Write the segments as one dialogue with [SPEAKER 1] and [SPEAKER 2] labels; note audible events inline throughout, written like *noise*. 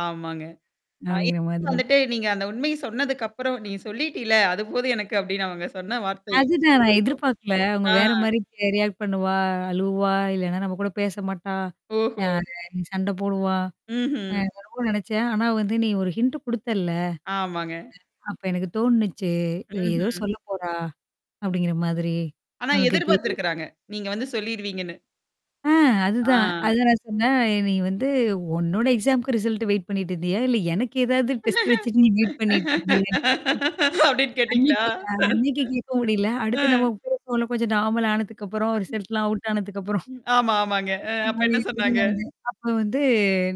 [SPEAKER 1] ஆமாங்க. ஆ.
[SPEAKER 2] அப்பிடிங்கிற
[SPEAKER 1] இப்ப
[SPEAKER 2] மாதிரி.
[SPEAKER 1] வந்துட்டு நீங்க அந்த உண்மை சொன்னதுக்கப்பறம் நீ சொல்லிட்டீல அதுபோதும் எனக்கு அப்பிடின்னு அவங்க சொன்ன வார்த்தைய
[SPEAKER 2] அதுதான்
[SPEAKER 1] *unintelligible*
[SPEAKER 2] எதிர்பார்க்கல. அவுங்க
[SPEAKER 1] ஆ.
[SPEAKER 2] வேறமாரி ரியாக்ட் பண்ணுவா அழுவா! இல்லன்னா நம்ம கூட பேச மாட்டா! யா
[SPEAKER 1] ஓஹோ!
[SPEAKER 2] சண்ட போடுவா! அ
[SPEAKER 1] ம்ஹ்ம்.
[SPEAKER 2] நான் ரொம்ப நெனச்சேன். ஆனா வந்து நீ ஒரு ஹிண்ட் குடுத்தல்ல.
[SPEAKER 1] ஆமாங்க.
[SPEAKER 2] அப்ப எனக்கு தோணுனுச்சு. "இவ ஏதோ
[SPEAKER 1] ம்ஹ்ம்.
[SPEAKER 2] சொல்ல போறா?" அப்பிடிங்கிற மாதிரி.
[SPEAKER 1] ஆனா
[SPEAKER 2] நமக்கு தெரியும்.
[SPEAKER 1] எதிர்பார்த்துருக்கிறாங்க. நீங்க வந்து சொல்லிருவீங்கன்னு.
[SPEAKER 2] ஆ, அதுதான்.
[SPEAKER 1] ஆ.
[SPEAKER 2] அதான் நான் சொன்னேன் "நீ வந்து உன்னோட எக்ஸாம்க்கு ரிசல்ட் வெயிட் பண்ணிட்டு இருந்தியா? இல்ல எனக்கு ஏதாவது டெஸ்ட் வச்சுட்டு நீ வெயிட் பண்ணிட்டு இருந்தியா?"
[SPEAKER 1] அப்பிடின்னு கேட்டீங்களா?
[SPEAKER 2] அன்னக்கி அ அன்னக்கி கேட்க முடியல.
[SPEAKER 1] ஆ.
[SPEAKER 2] அடுத்து நம்ம பேசுவோம்ல கொஞ்சம் நார்மல் ஆனதுக்கப்புறம், ரிசல்ட்லாம் அவுட் ஆனதுக்கப்பறம்.
[SPEAKER 1] ம். ஆமா, ஆமாங்க. அ அப்ப என்ன சொன்னாங்க?
[SPEAKER 2] *unintelligible* அப்ப வந்து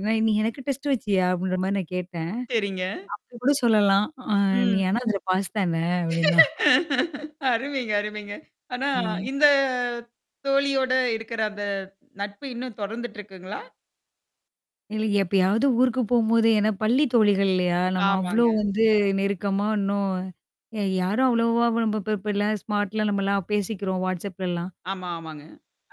[SPEAKER 2] நான் "நீ எனக்கு டெஸ்ட் வச்சியா?" அப்பிடின்றமாரி நான் கேட்டேன்.
[SPEAKER 1] சரிங்க.
[SPEAKER 2] "அப்பிடிகூட சொல்லலாம். அ நீ
[SPEAKER 1] ம்.
[SPEAKER 2] ஆனா அதில பாஸ் தான" அப்பிடின்னா.
[SPEAKER 1] அருமைங்க, அருமைங்க. ஆனா
[SPEAKER 2] ஆ.
[SPEAKER 1] இந்த தோழியோட இருக்கிற அந்த நட்பு இன்னும் தொடர்ந்துட்டு இருக்குங்களா?
[SPEAKER 2] இல்ல, எப்பயாவது ஊருக்கு போகும்போது ஏன்னா பள்ளி தோழிகள் இல்லயா! நம்ம அவ்ளோ
[SPEAKER 1] ஆமாங்க.
[SPEAKER 2] வந்து நெருக்கமா இன்னும் எ யாரும் அவ்வளவா நம்ம இப்ப இப்ப எல்லாம் ஸ்மார்ட்லாம் நம்மலாம் பேசிக்கிறோம் whatsappலலாம்.
[SPEAKER 1] ஆமா, ஆமாங்க.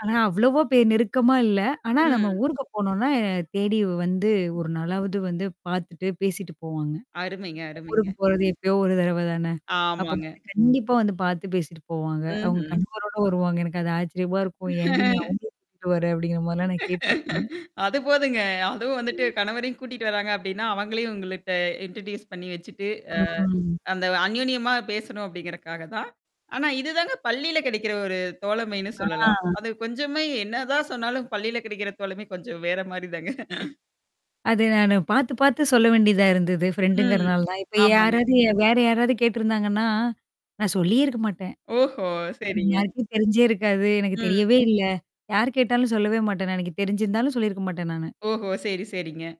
[SPEAKER 2] ஆனா அவ்வளவ பே நெருக்கமா இல்ல. ஆனா நம்ம
[SPEAKER 1] ம்.
[SPEAKER 2] ஊருக்கு போனோனா, தேடி வந்து ஒரு நாளாவது வந்து பார்த்துட்டு பேசிட்டு போவாங்க.
[SPEAKER 1] அருமைங்க,
[SPEAKER 2] ஊருக்கு
[SPEAKER 1] அருமைங்க.
[SPEAKER 2] போறது எப்பயோ ஒரு தடவ தானே! அப்ப
[SPEAKER 1] ஆமாங்க.
[SPEAKER 2] வந்து கண்டிப்பா வந்து பார்த்து பேசிட்டு போவாங்க. அவுங்க
[SPEAKER 1] ம்ஹ்ம்.
[SPEAKER 2] கணவரோட வருவாங்க. எனக்கு அது ஆச்சரியமா இருக்கும். ஏன்டி! நீ
[SPEAKER 1] *laughs*
[SPEAKER 2] அவுங்களும் கூட்டிட்டு வர! அப்பிடிங்கிற மாரிலாம் நான் கேட்டுருக்கேன்.
[SPEAKER 1] அது போதுங்க. அதுவும் வந்துட்டு
[SPEAKER 2] ம்.
[SPEAKER 1] கணவரையும் கூட்டிட்டு வராங்க அப்பிடின்னா, அவங்களையும் உங்கள்ட்ட இன்ட்ரடியூஸ் பண்ணி வச்சுட்டு,
[SPEAKER 2] ம்.
[SPEAKER 1] அ அந்த அன்யோன்யமா பேசணும் அப்பிடிங்கறக்காக தான். ஆனா, இதுதாங்க பள்ளியில கிடைக்கிற ஒரு தோழமைன்னு சொல்லலாம்.
[SPEAKER 2] ஆ.
[SPEAKER 1] அது கொஞ்சமே என்னதான் சொன்னாலும் பள்ளியில கிடைக்கிற தோழமை கொஞ்சம் வேறமாரி தாங்க.
[SPEAKER 2] அது நானு பார்த்து, பார்த்து சொல்ல வேண்டியதா இருந்தது.
[SPEAKER 1] ம்.
[SPEAKER 2] ஃப்ரெண்டுங்கிறனால தான். இப்ப
[SPEAKER 1] ஆமாங்க.
[SPEAKER 2] யாராவது ய வேற யாராவது கேட்டருந்தாங்கன்னா, நான் சொல்லியே இருக்க மாட்டேன்.
[SPEAKER 1] ஓஹோ!
[SPEAKER 2] எனக்கு
[SPEAKER 1] சரிங்க.
[SPEAKER 2] மார்க்கே தெரிஞ்சே இருக்காது. எனக்கு
[SPEAKER 1] ம்.
[SPEAKER 2] தெரியவே இல்ல. யார் கேட்டாலும் சொல்லவே மாட்டேன் எனக்கு தெரிஞ்சிருந்தாலும் சொல்லியிருக்க மாட்டேன் நானு.
[SPEAKER 1] ஓஹோ! சரி, சரிங்க.